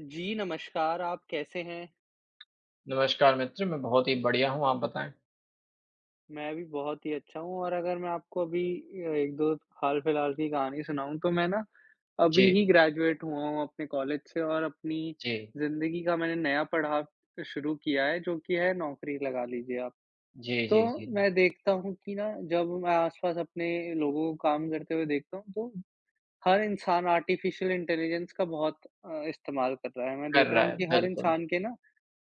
जी नमस्कार, आप कैसे हैं? नमस्कार मित्र! मैं बहुत ही बढ़िया हूँ। आप बताएँ? मैं भी बहुत ही अच्छा हूँ और अगर मैं आपको अभी अ, 1-2 हाल-फिलहाल की कहानी सुनाऊँ तो मैं ना अभी जी। ही ग्रेजुएट हुआ हूँ अपने कॉलेज से और अपनी जी। जिंदगी का मैंने नया पड़ाव शुरू किया है जो कि है नौकरी लगा लीजिए आप। जी, तो जी, जी। मैं देखता हूँ कि ना जब मैं आसपास अपने लोगों को काम करते हुए देखता हूँ तो हर इंसान आर्टिफ़िशियल इंटेलिजेंस का बहुत अ, इस्तेमाल कर रहा है। मैं कर देख रहा रहा हूँ है, कि हर बिल्कुल। इंसान के ना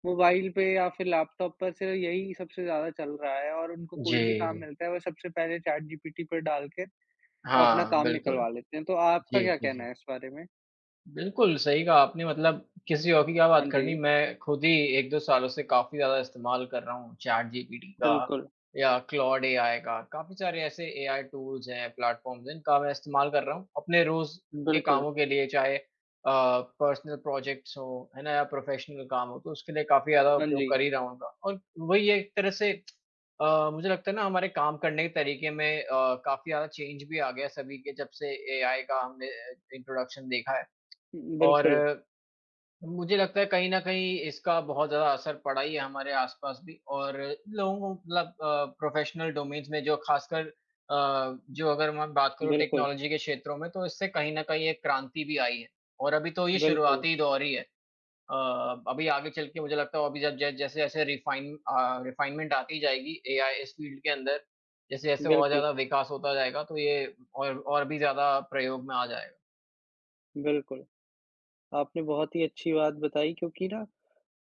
मोबाइल पे या फिर लैपटॉप पर से यही सबसे ज़्यादा चल रहा है और उनको कोई भी काम जी। मिलता है, वो सबसे पहले चैटजीपीटी पर डाल के अपना हाँ, काम बिल्कुल। निकलवा लेते हैं। तो आपका जी, क्या जी, कहना जी। है इस बारे में? बिल्कुल, सही कहा आपने मतलब किसी और की क्या हाँ बात करनी? जी। मैं खुद ही 1-2 सालों से काफ़ी ज़्यादा इस्तेमाल कर रहा हूँ चैटजीपीटी का बिल्कुल। या क्लॉड एआई का। काफ़ी सारे ऐसे एआई टूल्स हैं, प्लेटफ़ॉर्म्स हैं, इनका मैं इस्तेमाल कर रहा हूँ अपने रोज़ के बिल्कुल। कामों के लिए। चाहे अ, पर्सनल प्रोजेक्ट्स हों है ना या प्रोफ़ेशनल काम हों, तो उसके लिए काफ़ी ज़्यादा हाँ उपयोग जी। कर ही रहा हूँ इनका। और वही एक तरह से अ, मुझे लगता है ना हमारे काम करने के तरीके से अ, काफ़ी ज़्यादा चेंज भी आ गया सभी के जब से एआई का हमने अ, इंट्रोडक्शन देखा है। और बिल्कुल। अ मुझे लगता है कहीं न कहीं इसका बहुत ज़्यादा असर पड़ा ही है हमारे आसपास भी और लोगों को मतलब अ, प्रोफ़ेशनल डोमेन्स में जो खासकर अ, जो अगर मैं बात करूँ बिल्कुल। टेक्नोलॉजी के क्षेत्रों में तो इससे कहीं न कहीं एक क्रांति भी आई है। और अभी तो ये बिल्कुल। शुरुआती दौर ही है। अ, अभी आगे चलके मुझे लगता है और भी ज जब जैसे-जैसे रिफ़ाइन अ, रिफ़ाइनमेंट आती जाएगी एआई इस फील्ड के अंदर, जैसे-जैसे और बिल्कुल। ज़्यादा विकास होता जाएगा तो ये और, और भी ज़्यादा प्रयोग में आ जाएगा। बिल्कुल। आपने बहुत ही अच्छी बात बताई क्योंकि ना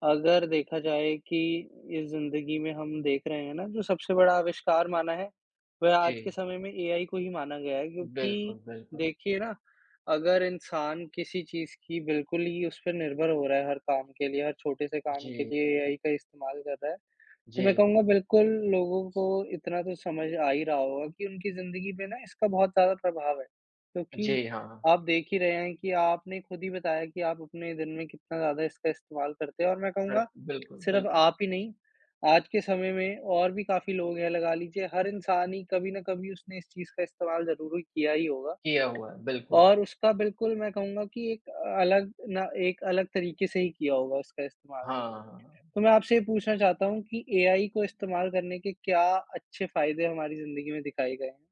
अगर देखा जाए कि इस जिंदगी में हम देख रहे हैं ना जो सबसे बड़ा आविष्कार माना है, वह आज के जी। समय में एआई को ही माना गया है क्योंकि बिल्कुल, बिल्कुल। देखिए ना, अगर इंसान किसी चीज़ की बिल्कुल ही उस पे निर्भर हो रहा है हर काम के लिए, हर छोटे से काम के जी। लिए एआई का इस्तेमाल करता है, तो मैं जी। कहूँगा बिल्कुल लोगों को इतना तो समझ आ ही रहा होगा कि उनकी जिंदगी पे ना इसका बहुत ज़्यादा प्रभाव है। क्योंकि जी, हाँ। आप देख ही रहे हैं कि आपने खुद ही बताया कि आप अपने दिन में कितना ज़्यादा इसका इस्तेमाल करते हैं और मैं कहूँगा, बिल्कुल, सिर्फ बिल्कुल। आप ही नहीं, आज के समय में और भी काफ़ी लोग हैं लगा लीजिए हर इंसान ही कभी ना कभी उसने इस चीज़ का इस्तेमाल ज़रूर ही किया ही होगा। किया हुआ है, बिल्कुल। और उसका बिल्कुल मैं कहूँगा कि एक अलग ना एक अलग तरीके से ही किया होगा उसका इस्तेमाल भी। हाँ। तो मैं आपसे ये पूछना चाहता हूँ कि एआई को इस्तेमाल करने के क्या अच्छे फायदे हमारी जिंदगी में दिखाए गए हैं?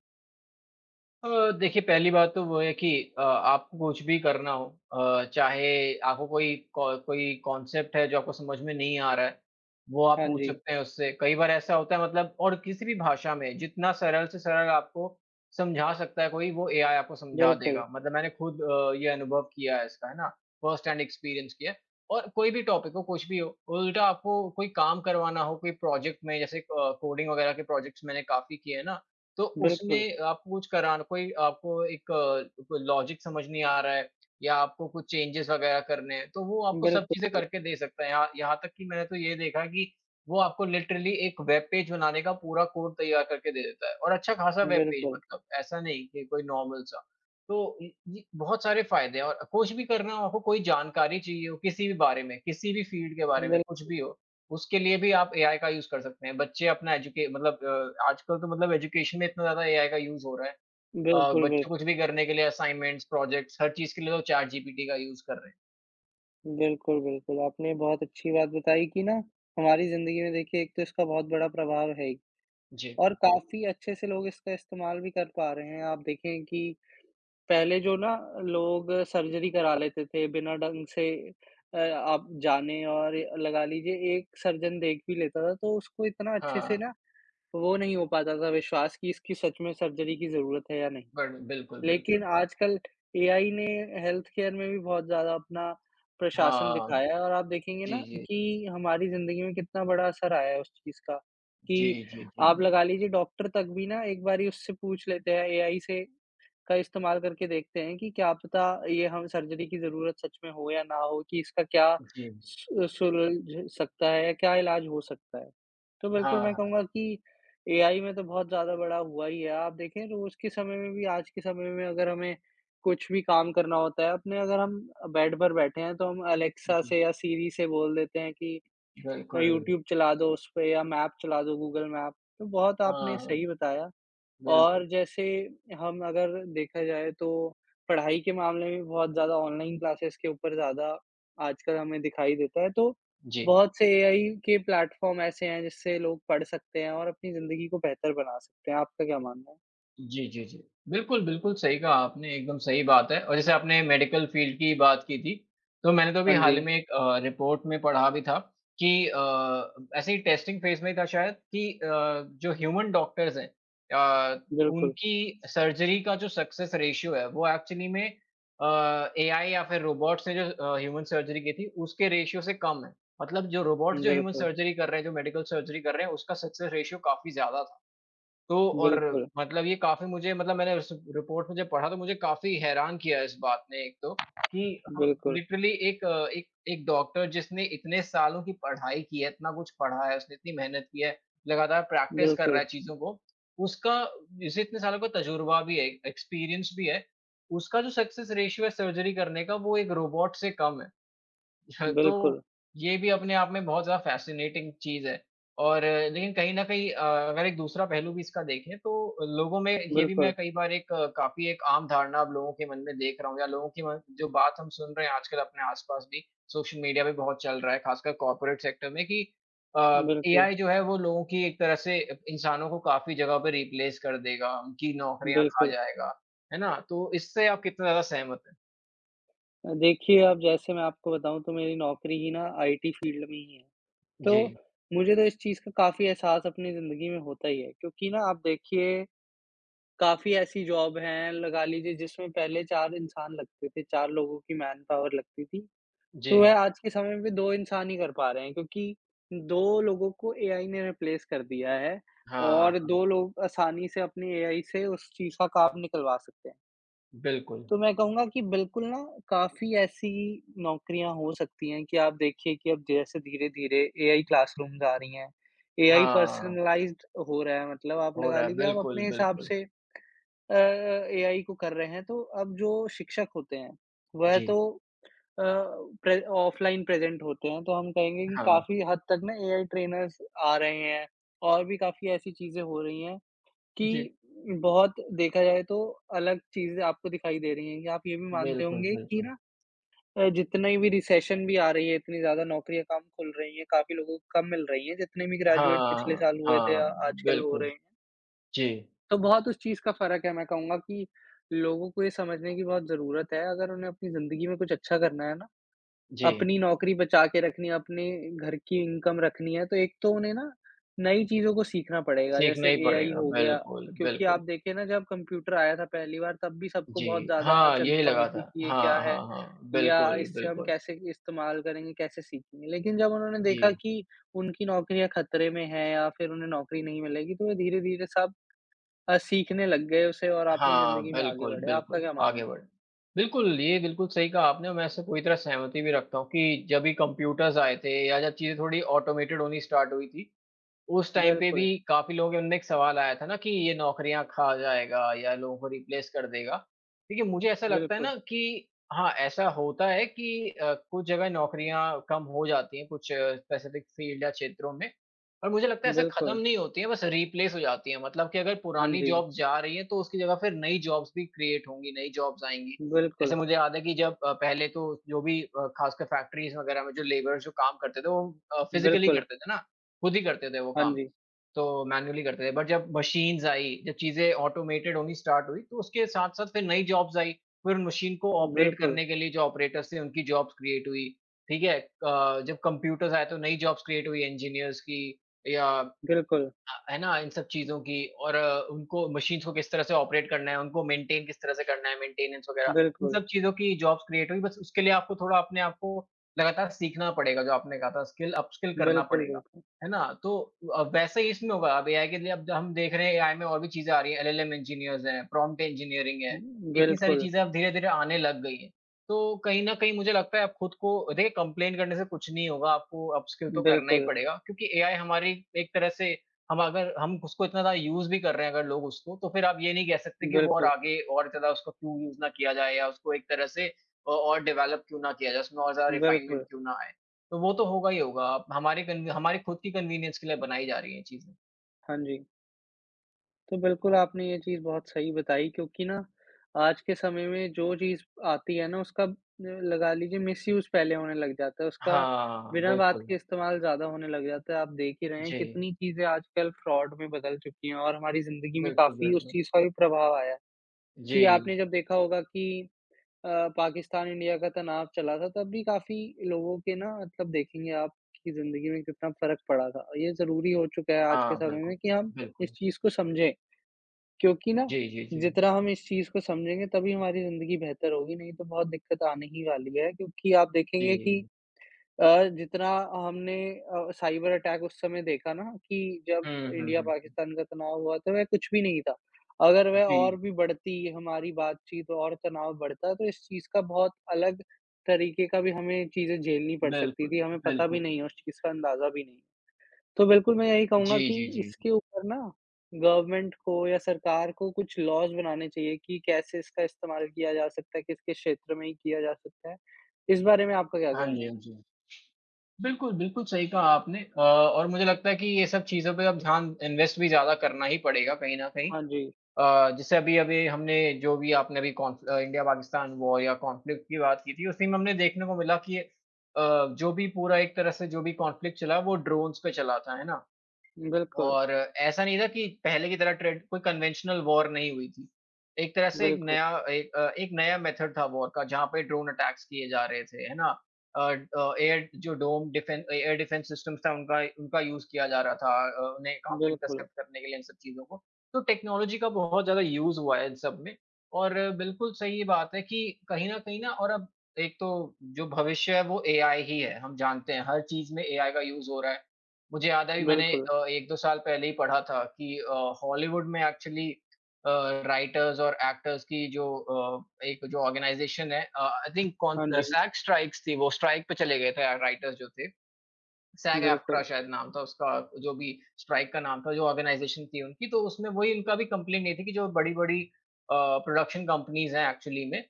अ, देखिए पहली बात तो वो है कि अ, आपको कुछ भी करना हो अ, चाहे आपको कोई को कोई कॉन्सेप्ट है जो आपको समझ में नहीं आ रहा है, वो आप हाँ पूछ जी। सकते हैं उससे कई बार ऐसा होता है मतलब और किसी भी भाषा में, जितना सरल से सरल आपको समझा सकता है कोई वो एआई आपको समझा बिल्कुल। देगा। मतलब मैंने खुद अ, ये अनुभव किया है इसका, है ना? फ़र्स्ट हैंड एक्सपीरियंस किया है। और कोई भी टॉपिक हो, कुछ भी हो, उल्टा आपको कोई काम करवाना हो कोई प्रोजेक्ट में जैसे अ, कोडिंग वगैरह के प्रोजेक्ट्स मैंने काफ़ी किए हैं ना, तो बिल्कुल। उसमें आपको कुछ कराना कोई आपको एक अ, कोई लॉजिक समझ नहीं आ रहा है या आपको कुछ चेंजेज़ वगैरह करने हैं तो वो आपको सब बिल्कु चीज़ें करके दे सकता है। यहा यहाँ तक कि मैंने तो ये देखा है कि, वो आपको लिटरली एक वेब पेज बनाने का पूरा कोड तैयार करके दे देता है और अच्छा खासा वेब पेज बिल्कुल। मतलब ऐसा नहीं कि कोई नॉर्मल सा। तो इ उ, बहुत सारे फायदे हैं और कुछ भी करना हो आपको कोई जानकारी चाहिए हो किसी भी बारे में, किसी भी फील्ड के बारे में कुछ बिल्कु भी हो, उसके लिए भी आप एआई का यूज़ कर सकते हैं। बच्चे अपना एजुके मतलब अ, आजकल तो मतलब एजुकेशन में इतना ज़्यादा एआई का यूज़ हो रहा है अ, बिल्कुल, बच्चे बिल्कु कुछ भी करने के लिए असाइनमेंट्स, प्रोजेक्ट्स हर चीज के लिए वो चैटजीपीटी का यूज़ कर रहे हैं। बिल्कुल, बिल्कुल। आपने बहुत अच्छी बात बताई कि ना हमारी जिंदगी में देखिए एक तो इसका बहुत बड़ा प्रभाव है ही जी। और काफ़ी अच्छे से लोग इसका इस्तेमाल भी कर पा रहे हैं। आप देखें कि पहले जो ना लोग सर्जरी करा लेते थे, बिना ढंग से अ, आप जाने और लगा लीजिए एक सर्जन देख भी लेता था तो उसको इतना हाँ, अच्छे से ना हाँ। वो नहीं हो पाता था विश्वास कि इसकी सच में सर्जरी की ज़रूरत है या नहीं। बढ़ बिल्कुल, लेकिन बिल्कुल। आजकल एआई ने हेल्थकेयर में भी बहुत ज़्यादा अपना प्रशासन हाँ। दिखाया और आप देखेंगे ना जी, जी। कि हमारी जिंदगी में कितना बड़ा असर आया है उस चीज़ का, कि जी, जी, जी, आप जी। लगा लीजिए डॉक्टर तक भी ना एक बारी उससे पूछ लेते हैं एआई से का इस्तेमाल करके देखते हैं कि क्या पता ये हम सर्जरी की ज़रूरत सच में हो या ना हो कि इसका क्या जी। सु अ, सुलझ सकता है, क्या इलाज हो सकता है। तो बिल्कुल हाँ, मैं हाँ। कहूँगा कि एआई में तो बहुत ज़्यादा बढ़ा हुआ ही है। आप देखें तो उसके समय में भी आज के समय में अगर हमें कुछ भी काम करना होता है, अपने अगर हम अ, बेड पर बैठे हैं तो हम अलेक्सा जी। से या सिरी से बोल देते हैं कि अ, बिल्कुल। यूट्यूब चला दो उस पे या मैप चला दो गूगल मैप तो बहुत हाँ, आपने हाँ। सही बताया बिल्कुल। और जैसे हम अगर देखा जाए तो पढ़ाई के मामले में भी बहुत ज़्यादा ऑनलाइन क्लासेस के ऊपर ज़्यादा आजकल हमें दिखाई देता है तो जी। बहुत से एआई के प्लेटफ़ॉर्म ऐसे हैं जिससे लोग पढ़ सकते हैं और अपनी जिंदगी को बेहतर बना सकते हैं। आपका क्या मानना है? जी, जी, जी। बिल्कुल, बिल्कुल सही कहा आपने एकदम सही बात है और जैसे आपने मेडिकल फ़ील्ड की बात की थी। तो मैंने तो अभी हाँ हाल ही जी। में एक अ, रिपोर्ट में पढ़ा भी था कि अ, ऐसे ही टेस्टिंग फ़ेज़ में था शायद कि अ, जो ह्यूमन डॉक्टर्स हैं। अ, बिल्कुल। उनकी सर्जरी का जो सक्सेस रेशियो है। वो एक्चुअली में अ, एआई या फ़िर रोबोट से जो अ, ह्यूमन सर्जरी की थी उसके रेशियो से कम है। मतलब जो रोबोट जो ह्यूमन बिल्कुल। सर्जरी कर रहे हैं, जो मेडिकल सर्जरी कर रहे हैं उसका सक्सेस रेशियो काफ़ी ज़्यादा था। तो और बिल्कुल। मतलब ये काफ़ी मुझे मतलब मैंने उस रिपोर्ट में जब पढ़ा तो मुझे काफ़ी हैरान किया इस बात ने एक तो कि बिल्कुल। लिटरली एक अ, एक एक डॉक्टर जिसने इतने सालों की पढ़ाई की है, इतना कुछ पढ़ा है, उसने इतनी मेहनत की है, लगातार प्रैक्टिस कर रहा है बिल्कुल। चीज़ों को। उसका जिसे इतने सालों का तजुर्बा भी है, एक्सपीरियंस भी है, उसका जो सक्सेस रेशियो है सर्जरी करने का वो एक रोबोट से कम है। तो बिल्कुल। ये भी अपने आप में बहुत ज़्यादा फ़ैसिनेटिंग चीज़ है। और अ, लेकिन कहीं न कहीं अ, अगर एक दूसरा पहलू भी इसका देखें तो लोगों में ये भी मैं बिल्कुल। कई बार एक काफ़ी एक आम धारणा लोगों के मन में देख रहा हूँ या लोगों की म जो बात हम सुन रहे हैं आजकल अपने आस-पास भी, सोशल मीडिया में बहुत चल रहा है। ख़ासकर कॉर्पोरेट सेक्टर में कि अ, बिल्कुल। एआई जो है वो लोगों की एक तरह से इंसानों को काफ़ी जगह पे रिप्लेस कर देगा, उनकी नौकरियाँ खा बिल्कुल। जाएगा। है ना? तो इससे आप कितना ज़्यादा सहमत हैं? अ, देखिए अब जैसे मैं आपको बताऊँ तो मेरी नौकरी ही ना आईटी फ़ील्ड में ही है। तो जी। मुझे तो इस चीज़ का काफ़ी एहसास अपनी जिंदगी में होता ही है। क्योंकि ना आप देखिए काफ़ी ऐसी जॉब हैं लगा लीजिए जिसमें पहले 4 इंसान लगते थे, 4 लोगों की मैनपावर लगती थी। तो जी। वह आज के समय में 2 इंसान ही कर पा रहे हैं। क्योंकि 2 लोगों को एआई ने रिप्लेस कर दिया है हाँ, और 2 हाँ। लोग आसानी से अपनी एआई से उस चीज़ का काम निकलवा सकते हैं। बिल्कुल। तो मैं कहूँगा कि बिल्कुल ना काफ़ी ऐसी नौकरियाँ हो सकती हैं कि आप देखिए कि अब जैसे धीरे-धीरे एआई क्लासरूमज़ आ रही हैं। एआई हाँ। पर्सनलाइज़्ड अ, हो रहा है। मतलब आप हो लगा रहा है। लीजिए आप बिल्कुल, अपने हिसाब बिल्कुल। से अ अ, एआई को कर रहे हैं। तो अब जो शिक्षक होते हैं वह जी। तो अ, प्रे ऑफ़लाइन प्रेज़ेंट होते हैं। तो हम कहेंगे कि हाँ। काफ़ी हद तक ना एआई ट्रेनर्स आ रहे हैं। और भी काफ़ी ऐसी चीजें हो रही हैं जी। कि बहुत देखा जाए तो अलग चीज़ें आपको दिखाई दे रही हैं। कि आप ये भी मानते बिल्कुल, होंगे कि बिल्कुल। ना अ, जितना ही भी रिसेशन भी आ रही है, इतनी ज़्यादा नौकरियाँ कम खुल रही हैं। काफ़ी लोगों को कम मिल रही हैं जितने भी ग्रेजुएट पिछले हाँ, साल हुए थे हाँ या आजकल हो बिल्कुल। रहे हैं। जी। तो बहुत उस चीज का फ़र्क है। मैं कहूँगा कि लोगों को ये समझने की बहुत ज़रूरत है। अगर उन्हें अपनी जिंदगी में कुछ अच्छा करना है ना, जी। अपनी नौकरी बचा के रखनी है, अपने घर की इनकम रखनी है तो एक तो उन्हें ना नई चीज़ों को सीखना पड़ेगा सीखना जैसे ही एआई पड़ेगा। हो गया। बिल्कुल, क्योंकि आप बिल्कुल। देखिए ना जब कंप्यूटर आया था पहली बार तब भी सबको बहुत जी। ज़्यादा हाँ, यही चिंता हुई लगा था। थी कि ये क्या हाँ, है हाँ, हाँ, या बिल्कुल, इससे हम बिल्कुल। कैसे इस्तेमाल करेंगे, कैसे सीखेंगे। लेकिन जब उन्होंने देखा जी। कि उनकी नौकरियाँ खतरे में हैं या फिर उन्हें नौकरी नहीं मिलेगी तो वे धीरे-धीरे सब अ, सीखने लग गए उसे और अपनी हाँ, जिंदगी में आगे बिल्कुल, बढ़े। आपका बिल्कुल। क्या आगे मानना है? बढ़ें। बिल्कुल, ये बिल्कुल सही कहा आपने। मैं इससे पूरी तरह सहमति भी रखता हूँ कि जब भी कंप्यूटर्स आए थे या जब चीज़ें थोड़ी ऑटोमेटेड होनी स्टार्ट हुई थी, उस टाइम पे बिल्कुल। भी काफ़ी लोगों के मन में एक सवाल आया था ना कि ये नौकरियाँ खा जाएगा या लोगों को रिप्लेस कर देगा। देखिए मुझे ऐसा लगता है बिल्कुल। ना कि हाँ, ऐसा होता है कि अ, कुछ जगह नौकरियाँ कम हो जाती हैं कुछ स्पेसिफिक फील्ड या क्षेत्रों में। पर मुझे लगता है ऐसे बिल्कुल। खत्म नहीं होती हैं, बस रिप्लेस हो जाती हैं। मतलब कि अगर हाँ पुरानी जी। जॉब्स जा रही हैं तो उसकी जगह फिर नई जॉब्स भी क्रिएट होंगी, नई जॉब्स आएँगी। जैसे बिल्कुल। मुझे याद है कि जब अ, पहले तो जो भी अ, खासकर फैक्टरीज़ वगैरह में जो लेबर्स जो काम करते थे वो अ, फिजिकली बिल्कुल। करते थे ना, खुद ही करते थे वो हाँ काम। जी। तो मैनुअली करते थे। बट जब मशीन्स आईं, जब चीज़ें ऑटोमेटेड होनी स्टार्ट हुई तो उसके साथ-साथ फिर नई जॉब्स आईं। फिर उन मशीन को ऑपरेट बिल्कुल। करने के लिए जो ऑपरेटर्स थे, उनकी जॉब्स क्रिएट हुई। ठीक है? क जब कंप्यूटर्स आए तो नई जॉब्स क्रिएट हुई इंजीनियर्स की या अ, बिल्कुल। है ना, इन सब चीज़ों की। और उनको मशीन्स को किस तरह से ऑपरेट करना है, उनको मेंटेनें किस तरह से करना है, मेंटेनेंस वगैरह, इन बिल्कुल। सब चीज़ों की जॉब्स क्रिएट हुई। बस उसके लिए आपको थोड़ा अपने आप को लगातार सीखना पड़ेगा। जो आपने कहा था स्किल, अपस्किल करना बिल्कुल, पड़ेगा। बिल्कुल। है ना? तो अ, वैसा ही इसमें होगा अब एआई के लिए अब द हम देख रहे हैं एआई में और भी चीज़ें आ रही हैं। एलएलएम इंजीनियर्स हैं, प्रॉम्प्ट इंजीनियरिंग उ है। उ इतनी सारी बिल्कुल। चीज़ें अब धीरे-धीरे आने लग गई हैं तो कहीं न कहीं मुझे लगता है आप खुद को अ, देखिए कंप्लेंट करने से कुछ नहीं होगा, आपको अपस्किल तो करना ही बिल्कुल। पड़ेगा। क्योंकि एआई हमारी एक तरह से हम अगर हम उसको इतना ज्यादा यूज़ भी कर रहे हैं अगर लोग उसको, तो फिर आप ये नहीं कह सकते कि वो और बिल्कुल। आगे और ज़्यादा उसको क्यों यूज़ ना किया जाए या उसको एक तरह से अ और डेवलप क्यों ना किया जाए, उसमें और ज़्यादा रिफ़ाइनमेंट बिल्कुल। क्यों ना आए, तो वो तो होगा ही होगा। अब हमारे कन हमारे खुद की कन्वीनियंस के लिए बनाई जा रही हैं ये चीज़ें। हाँ जी। तो बिल्कुल, आपने ये चीज़ बहुत सही बताई क्योंकि ना आज के समय में जो चीज़ आती है ना उसका उम, लगा लीजिए मिसयूज़ पहले होने लग जाता है उसका हाँ, बिना बात बिल्कुल। के इस्तेमाल ज़्यादा होने लग जाता है। आप देख ही रहे हैं जी। कितनी चीज़ें आजकल फ्रॉड में बदल चुकी हैं और हमारी ज़िंदगी में बिल्कुल, काफ़ी उस बिल्कुल। चीज़ का भी प्रभाव आया है, कि जी। आपने जब देखा होगा कि अ, पाकिस्तान इंडिया का तनाव चला था तब भी काफ़ी लोगों के ना मतलब देखेंगे आप कि ज़िंदगी में कितना फ़र्क पड़ा था। ये ज़रूरी हो चुका है आज के हाँ, समय में बिल्कुल, कि हम इस बिल्कुल। चीज़ को समझें क्योंकि ना जी, जी, जी। जितना हम इस चीज़ को समझेंगे तभी हमारी ज़िंदगी बेहतर होगी नहीं तो बहुत दिक्कत आने ही वाली है, क्योंकि आप देखेंगे कि जी। अ, जितना हमने अ, साइबर अटैक उस समय देखा ना कि जब हुँ, हुँ, इंडिया, हुँ। पाकिस्तान का तनाव हुआ तो वह कुछ भी नहीं था, अगर वह और जी। भी बढ़ती हमारी बातचीत और तनाव बढ़ता तो इस चीज़ का बहुत अलग तरीक़े का भी हमें चीज़ें झेलनी पड़ सकती बिल्कुल, थी। हमें पता भी नहीं है, बिल्कुल। उस चीज़ का अंदाजा भी नहीं तो बिल्कुल मैं यही कहूँगा जी, कि जी, जी। इसके ऊपर ना गवर्नमेंट को या सरकार को कुछ लॉज़ बनाने चाहिए कि कैसे इसका इस्तेमाल किया जा सकता है, किसके क्षेत्र में ही किया जा सकता है। इस बारे में आपका क्या हाँ कहना जी, है? हाँ जी, बिल्कुल, बिल्कुल, सही कहा आपने अ, और मुझे लगता है कि ये सब चीज़ों पे अब ध्यान इन्वेस्ट भी ज़्यादा करना ही पड़ेगा कहीं न कहीं हाँ जी। अ, जैसे अभी-अभी हमने जो भी आपने अभी कॉन्फ अ, इंडिया पाकिस्तान वॉर या कॉन्फ्लिक्ट की बात की थी, उसी में हमने देखने को मिला कि अ, जो भी पूरा एक तरह से जो भी कॉन्फ्लिक्ट चला, वो ड्रोन्स पे चला था, है ना? बिल्कुल। और ऐसा नहीं था कि पहले की तरह ट्रेन कोई कन्वेंशनल वॉर नहीं हुई थी एक तरह से एक बिल्कुल। नया एक एक नया मेथड था वॉर का, जहाँ पे ड्रोन अटैक्स किए जा रहे थे, है ना? अ अ, एट जो डोम डिफें अ, एयर डिफेंस सिस्टम था, उनका उनका यूज़ किया जा रहा था अ अ उन्हें काफ़ी बिल्कुल। इंटरसेप्ट करने के लिए इन सब चीज़ों को तो टेक्नोलॉजी का बहुत ज़्यादा यूज़ हुआ है इन सब में और बिल्कुल सही बात है कि कहीं न कहीं ना और अब एक तो जो भविष्य है वो एआई ही है, हम जानते हैं हर चीज़ में एआई का यूज़ हो रहा है। मुझे याद है अभी मैंने बिल्कुल। अ, 1-2 साल पहले ही पढ़ा था कि अ, हॉलीवुड में एक्चुअली अ, राइटर्स और एक्टर्स की जो अ, एक जो ऑर्गनाइज़ेशन है, अ, आई थिंक कोन हाँ अ, जी। सैग स्ट्राइक्स थी वो स्ट्राइक पे चले गए थे अ, राइटर्स जो थे सैग-एफ़्ट्रा बिल्कुल। शायद नाम था उसका जो भी स्ट्राइक का नाम था, जो ऑर्गनाइज़ेशन थी उनकी, तो उसमें वही इनका भी कम्प्लेंट ये थी कि जो बड़ी-बड़ी अ, प्रोडक्शन कंपनीज़ हैं एक्चुअली में,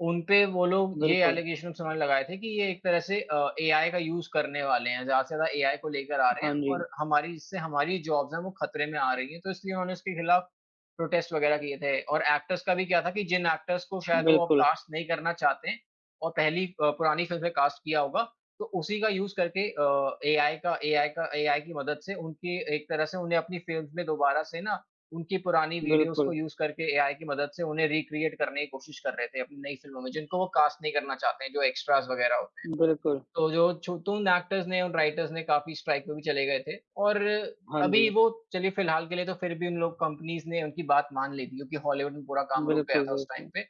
उन पे वो लोग ये बिल्कुल। एलिगेशन्स उन्होंने लगाए थे कि ये एक तरह से अ, एआई का यूज़ करने वाले हैं ज़्यादा से ज़्यादा एआई को लेकर आ रहे हाँ हैं जी। और हमारी, जिससे हमारी जॉब्स हैं वो खतरे में आ रही हैं तो इसलिए उन्होंने इसके खिलाफ प्रोटेस्ट वग़ैरह किए थे और एक्टर्स का भी क्या था कि जिन एक्टर्स को शायद वो बिल्कुल। कास्ट नहीं करना चाहते हैं और पहली अ, पुरानी फ़िल्म में कास्ट किया होगा। तो उसी का यूज़ करके अ, एआई का एआई का एआई की मदद से उनकी एक तरह से उन्हें अपनी फ़िल्म्स में दोबारा से ना उनकी पुरानी वीडियोज़ को बिल्कुल। यूज़ करके एआई की मदद से उन्हें रीक्रिएट करने की कोशिश कर रहे थे अपनी नई फिल्मों में जिनको वो कास्ट नहीं करना चाहते हैं, जो एक्स्ट्राज़ वग़ैरह होते हैं बिल्कुल। तो जो छु तो उन एक्टर्स ने, उन राइटर्स ने काफ़ी स्ट्राइक पे भी चले गए थे और हाँ अभी जी। वो चलिए फिलहाल के लिए तो फिर भी उन लोग कंपनीज़ ने उनकी बात मान ली थी क्योंकि हॉलिवुड में पूरा काम रुक गया बिल्कुल, था उस टाइम बिल्कुल। पे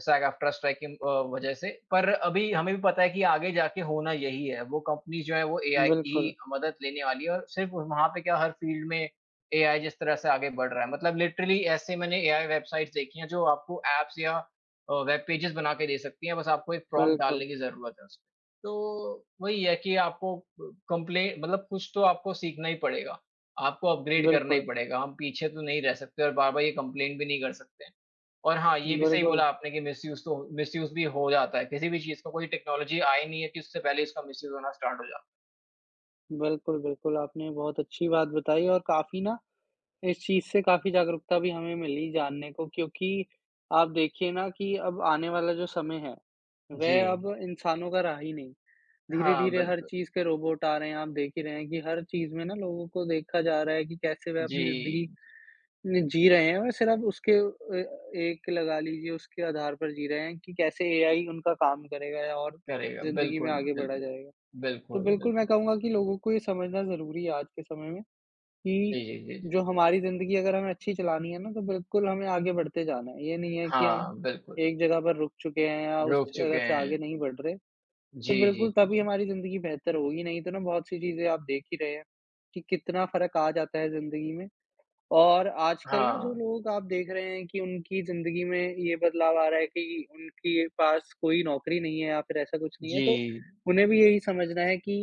सैग-एफ़्ट्रा स्ट्राइक की अ, वज़ह से पर अभी हमें भी पता है कि, आगे जाके होना यही है वो कंपनीज़ जो हैं वो एआई की ही बिल्कुल। मदद लेने वाली हैं और सिर्फ वहाँ पे क्या हर फ़ील्ड में एआई जिस तरह से आगे बढ़ रहा है मतलब लिटरली ऐसे मैंने एआई वेबसाइट्स देखी हैं जो आपको एप्स या अ, वेब पेजेस बनाकर दे सकती हैं बस आपको एक प्रॉम्प्ट बिल्कुल। डालने की ज़रूरत है उसमें तो वही है कि, आपको अ, कम्प्ले मतलब कुछ तो आपको सीखना ही पड़ेगा, आपको अपग्रैड करना ही बिल्कुल। पड़ेगा। हम पीछे तो नहीं रह सकते और बार-बार ये कम्प्लेन भी नहीं कर सकते और हाँ, ये भी सही बिल्कुल। बोला आपने कि मिसयूज़ तो हो मिसयूज़ भी हो जाता है। किसी भी चीज़ को कोई टेक्नॉलजी आई नहीं है कि उससे पहले इसका मिसयूज़ होना स्टार्ट हो जा बिल्कुल, बिल्कुल, आपने बहुत अच्छी बात बताई और काफ़ी ना, इस चीज़ से काफ़ी जागरूकता भी हमें मिली जानने को क्योंकि, आप देखिए ना कि अब आने वाला जो समय है, वह अब जी। इंसानों का रहा ही नहीं। हाँ, धीरे-धीरे हर बिल्कुल। चीज़ के रोबोट आ रहे हैं आप देख ही रहे हैं कि हर चीज़ में ना लोगों को देखा जा रहा है कि कैसे वह अपनी ज़िंदगी जी। जी रहे हैं और सिर्फ़ उसके ए एक लगा लीजिए उसके आधार पर जी रहे हैं कि कैसे एआई उनका काम करेगा और करेगा ज़िंदगी में बिल्कुल, आगे बढ़ा बिल्कुल, जाएगा। तो बिल्कुल, बिल्कुल मैं बिल्कुल। कहूँगा कि लोगों को ये समझना ज़रूरी है आज के समय में, कि जी, जी, जी, जी। जो हमारी ज़िंदगी अगर हमें अच्छी चलानी है ना तो बिल्कुल हमें आगे बढ़ते जाना है। ये नहीं है कि हम हाँ, बिल्कुल। एक जगह पे रुक चुके हैं या उस रोक चुके जगह से आगे हैं। नहीं बढ़ रहें। तो जी, बिल्कुल जी, तभी जी। हमारी ज़िंदगी बेहतर होगी नहीं तो ना बहुत-सी चीज़ें आप देख ही रहे हैं, कि कितना फ़र्क आ जाता है ज़िंदगी में। और आजकल ना जो हाँ। लोग आप देख रहे हैं कि उनकी ज़िंदगी में ये बदलाव आ रहा है कि उनके पास कोई नौकरी नहीं है या फिर ऐसा कुछ नहीं है तो, जी। उन्हें भी यही समझना है कि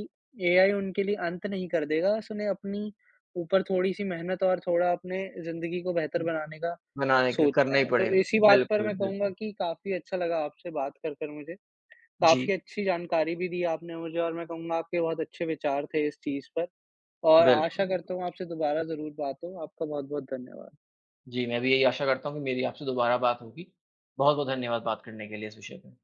एआई उनके लिए अंत नहीं कर देगा उसने अपनी ऊपर थोड़ी-सी मेहनत और थोड़ा अपने ज़िंदगी को बेहतर बनाने का बनाने के लिए, सोचना करना ही है। तो पड़ेगा। इसी बात पर बिल्कुल, मैं कहूँगा बिल्कुल। कि काफ़ी अच्छा लगा आपसे बात कर कर मुझे, काफ़ी जी। अच्छी जानकारी भी दी आपने मुझे और मैं कहूँगा आपके बहुत अच्छे विचार थे इस चीज़ पर। और आशा बिल्कुल। करता हूँ आपसे दोबारा ज़रूर बात हो, आपका बहुत-बहुत धन्यवाद। जी, मैं भी यही आशा करता हूँ कि मेरी आपसे दोबारा बात होगी। बहुत-बहुत धन्यवाद बात करने के लिए इस विषय पे।